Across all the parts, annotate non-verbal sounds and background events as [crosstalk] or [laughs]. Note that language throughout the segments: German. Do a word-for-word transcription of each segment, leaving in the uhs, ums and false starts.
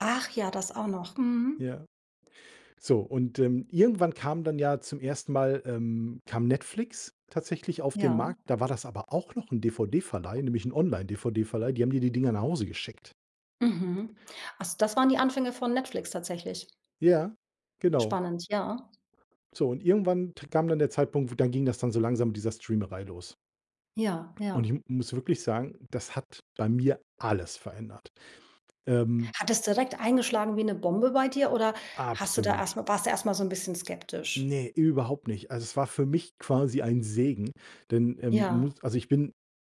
Ach, ja, das auch noch, mhm. Ja. So, und, ähm, irgendwann kam dann ja zum ersten Mal, ähm kam Netflix tatsächlich auf den Ja. Markt. Da war das aber auch noch 'n DVD-Verleih, nämlich 'n Online-DVD-Verleih. Die haben dir die Dinger nach Hause geschickt. Mhm. Also das waren die Anfänge von Netflix tatsächlich? Ja, genau. Spannend, ja. So, und irgendwann t kam dann der Zeitpunkt, dann ging das dann so langsam mit dieser Streamerei los. Ja, Und ich ja. m muss wirklich sagen, das hat bei mir alles verändert, ähm. Hat es direkt eingeschlagen wie 'ne Bombe bei dir oder hast du da erst Absolut. mal warst du erst mal so 'n bisschen skeptisch? Ne, überhaupt nicht. Also, es war für mich quasi ein Segen, denn, ähm, Ja. muss also, ich bin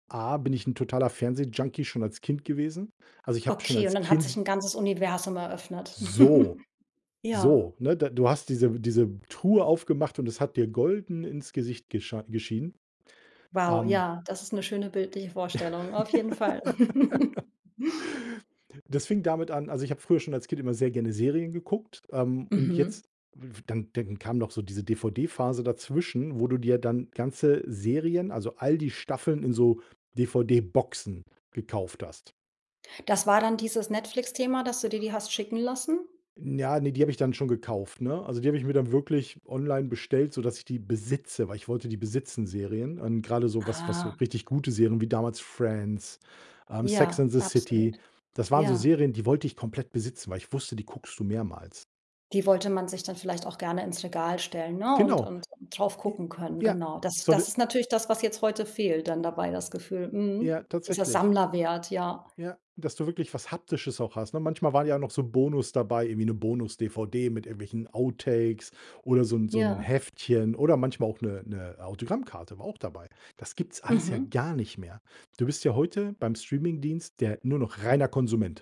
A bin ich 'n totaler Fernsehjunkie schon als Kind gewesen. Also, ich habe schon Okay, und als dann hat Kind sich s 'n ganzes Universum eröffnet? So! [chuckles] Ja. So, ne? Da du hast diese diese Truhe aufgemacht und es hat dir golden ins Gesicht geschei geschienen, Wow, ähm. ja, das ist 'ne schöne bildliche Vorstellung, auf jeden Fall. [laughs] [chuckles] Das fing damit an also, ich habe früher schon als Kind immer sehr gerne Serien geguckt, ähm, und Mhm. jetzt f dann dann kam noch so diese DVD-Phase dazwischen, wo du dir dann ganze Serien, also, all die Staffeln in so DVD-Boxen gekauft hast. Das war dann dieses Netflix-Thema, dass du dir die hast schicken lassen? N ja, ne, die habe ich dann schon gekauft, ne? Also, die habe ich mir dann wirklich online bestellt, sodass ich die besitze, weil ich wollte die besitzen, Serien. Und grade so was was so Ah. richtig gute Serien wie damals „Friends“, ähm, „Sex Ja, and the absolut. City“. Das waren so Ja. Serien, die wollte ich komplett besitzen, weil ich wusste, die guckst du mehrmals. Die wollte man sich dann vielleicht auch gerne ins Regal stellen, ne? Und Genau. und drauf J gucken können. ja. Genau. Das So 'ne das ist natürlich das, was jetzt heute fehlt dann dabei, das Gefühl, Ja, mhm, dieser tatsächlich. Sammlerwert, ja. Ja, dass du wirklich was Haptisches auch hast, ne? Manchmal waren ja noch so Bonus dabei, irgendwie 'ne Bonus-DVD mit irgendwelchen Outtakes oder so 'n so 'n Ja. Heftchen oder manchmal auch 'ne 'ne Autogrammkarte, war auch dabei. Das gibt's alles ja Mhm. gar nicht mehr. Du bist ja heute beim Streamingdienst der nur noch reiner Konsument.